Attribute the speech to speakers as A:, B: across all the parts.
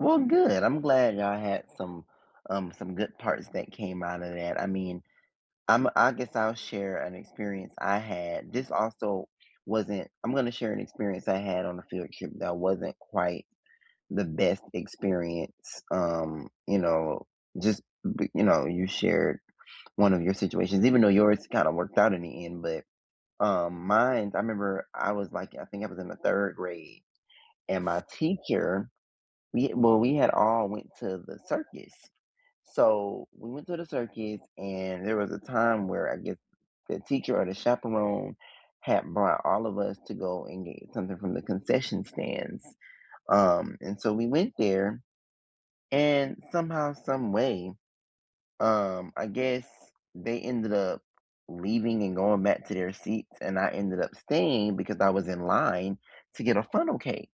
A: Well, good, I'm glad I had some, um, some good parts that came out of that. I mean, I'm I guess I'll share an experience I had. This also wasn't I'm gonna share an experience I had on a field trip that wasn't quite the best experience, um, you know, just b you know, you shared one of your situations, even though yours kinda worked out in the end, but, um, mine, I remember I was, like I think I was in the 3rd grade, and my teacher we well, we had all went to the circus. So, we went to the circus, and there was a time where, I guess, the teacher or the chaperone had brought all of us to go and get something from the concession stands, um, and so we went there, and somehow, some way, um, I guess they ended up leaving and going back to their seats, and I ended up staying, because I was in line to get a funnel cake.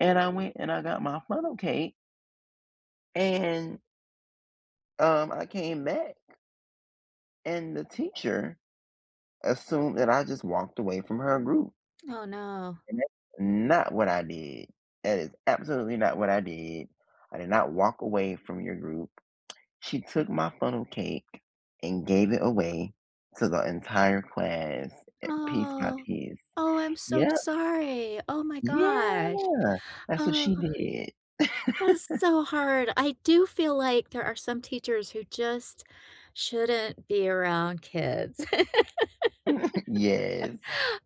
A: And I went and I got my funnel cake and um, I came back and the teacher assumed that I just walked away from her group
B: Oh no.
A: and that's not what I did. That is absolutely not what I did. I did not walk away from your group. She took my funnel cake, and gave it away to the entire class, a piece by
B: Oh.
A: piece.
B: Oh, I'm so
A: Yep.
B: sorry. Oh my gosh.
A: Yeah. That's what
B: Ugh.
A: she did.
B: That's so hard. I do feel like there are some teachers who just shouldn't be around kids.
A: Yes.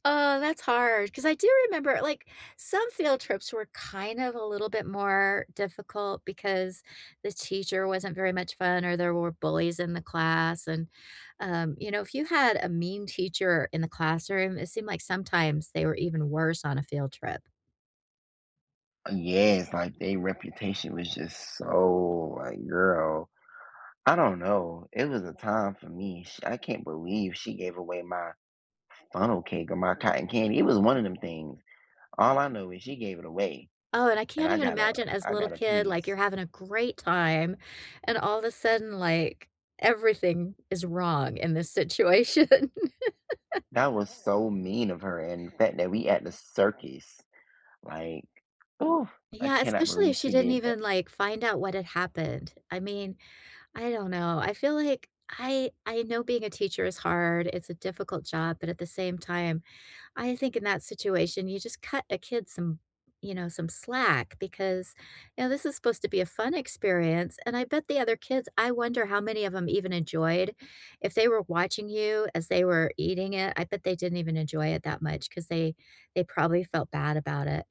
B: Oh, that's hard, 'cause I do remember, like, some field trips were kind of a little bit more difficult because the teacher wasn't very much fun, or there were bullies in the class, and, um, you know, if you had a mean teacher in the classroom, it seemed like, sometimes, they were even worse on a field trip.
A: Uh, yes, like, they reputation was just so like, girl, I don't know, it was a time for me, sh I can't believe she gave away my funnel cake, or my cotton candy it was one of them things. All I know is, she gave it away,
B: Oh, and I
A: and
B: can't
A: I
B: even
A: got a
B: imagine as a
A: I
B: little
A: got a
B: kid,
A: piece.
B: like, you're having a great time, and all of a sudden, like, everything is wrong in this situation.
A: That was so mean of her, and the fact that we at the circus, like ooh, I
B: Yeah,
A: cannot
B: especially
A: believe
B: if she
A: she
B: didn't
A: did that.
B: even, like, find out what had happened. I mean, I don't know, I feel like I I know being a teacher is hard, it's a difficult job, but at the same time, I think in that situation, you just cut a kid some you know, some slack, because, now, this is supposed to be a fun experience, and I bet the other kids I wonder how many of 'em even enjoyed if they were watching you as they were eating it, I bet they didn't even enjoy it that much, 'cause they they probably felt bad about it.